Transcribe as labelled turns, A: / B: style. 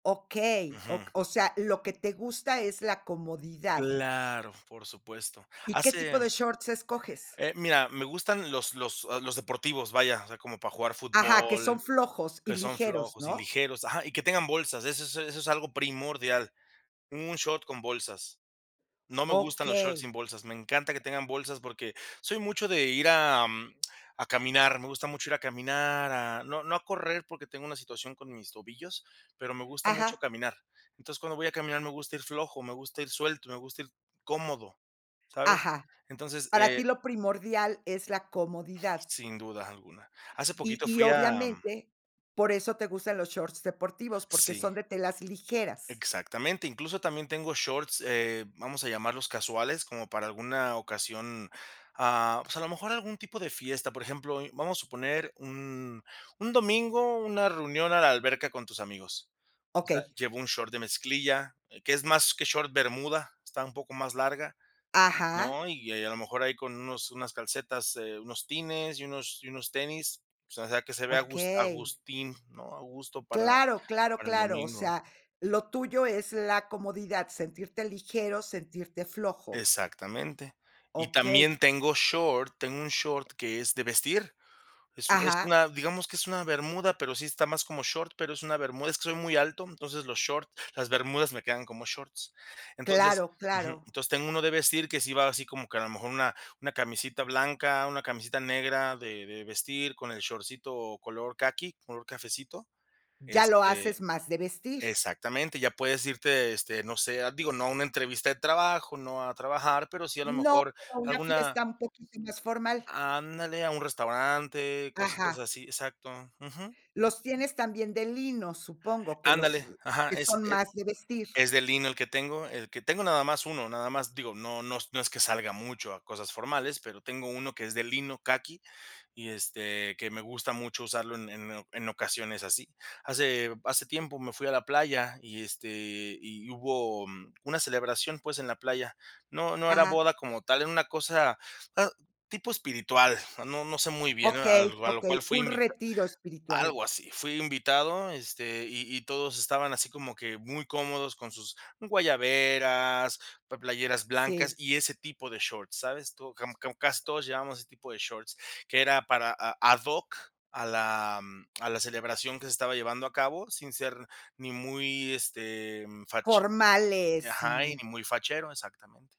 A: Okey,
B: Ujú.
A: ok o sea, lo que te gusta es la comodidad.
B: Claro, por supuesto.
A: ¿Y qué tipo
B: Hace
A: de shorts escoges?
B: Eh, mira, me gustan los los los deportivos, vaya, o sea, como para jugar
A: Ajá, que son
B: fútbol
A: flojos y
B: que son
A: ligeros,
B: flojos y
A: ¿no?
B: ligeros, ajá. Y que tengan bolsas, eso es eso es algo primordial, un short con bolsas. No me gustan los shots
A: Okey.
B: sin bolsas, me encanta que tengan bolsas porque soy mucho de ir a a caminar. Me gusta mucho ir a caminar, a no no a correr porque tengo una situación con mis tobillos, pero me gusta mucho
A: Ajá.
B: caminar. Entonces, cuando voy a caminar, me gusta ir flojo, me gusta ir suelto, me gusta ir cómodo, ¿sabes?
A: Ajá.
B: Entonces
A: Para ti
B: eh,
A: lo primordial es la comodidad.
B: Sin duda alguna. Hace
A: Y
B: poquito
A: y,
B: fui a
A: obviamente, por eso te gustan los shorts deportivos, porque
B: Sí.
A: son de telas ligeras.
B: Exactamente. Incluso también tengo shorts, eh, vamos a llamarlos casuales, como para alguna ocasión, ah, pues, a lo mejor algún tipo de fiesta. Por ejemplo, vamos a suponer un un domingo una reunión a la alberca con tus amigos, o sea,
A: Okey.
B: llevo un short de mezclilla, que es más que short bermuda, está un poco más larga,
A: Ajá.
B: ¿no? Y y a y a lo mejor, ahí con unos unas calcetas, eh, unos tines y unos y unos tenis. O sea o sea, que se vea agus
A: Okey.
B: agustín, ¿no? A gusto para
A: Claro, claro,
B: para el
A: claro. O
B: domingo.
A: sea, lo tuyo es la comodidad, sentirte ligero, sentirte flojo.
B: Exactamente. Y
A: Okey.
B: también tengo short tengo 1 short que es de vestir. Es es
A: Ajá.
B: una, digamos que es una bermuda, pero sí está más como short, pero es una bermuda. Es que soy muy alto, entonces los short las bermudas me quedan como shorts. Entonces
A: Claro,
B: Ujú.
A: claro.
B: Entonces tengo 1 de vestir que sí va así como que a lo mejor una una camisita blanca, una camisita negra de de vestir con el shortcito color caqui, color cafecito,
A: Ya lo
B: este
A: haces más de vestir.
B: Exactamente. Ya puedes irte, este, no sé a digo, no a una entrevista de trabajo, no a trabajar, pero sí, a lo
A: No,
B: mejor,
A: pero a una
B: alguna
A: fiesta un poquito más formal.
B: Ándale, a un restaurante, cositas
A: Ajá.
B: así. Exacto. Ujú.
A: Los tienes también de lino, supongo, que
B: Ándale.
A: los
B: Ajá,
A: que
B: es
A: son
B: e
A: más de vestir.
B: es de lino el que tengo, el que tengo nada más 1, nada más. Digo, no no no es que salga mucho a cosas formales, pero tengo 1 que es de lino, caqui, y, este, que me gusta mucho usarlo en en en ocasiones así. Hace hace tiempo me fui a la playa y, este y hubo una celebración, pues, en la playa. No no era
A: Ajá.
B: boda como tal, era una cosa, ah, tipo espiritual, no no sé muy bien. A
A: Okey,
B: a lo cual
A: okey.
B: fui
A: Un
B: invita
A: retiro espiritual.
B: Algo así. Fui invitado, este, y y todos estaban así como que muy cómodos con sus guayaberas, pla playeras blancas
A: Sí.
B: y ese tipo de shorts, ¿sabes? Tú como como casi todos llevábamos ese tipo de shorts, que era para a ad hoc a la a la celebración que se estaba llevando a cabo, sin ser ni muy, este, fache
A: Formales,
B: Ajá, ni
A: sí.
B: muy fachero. Exactamente.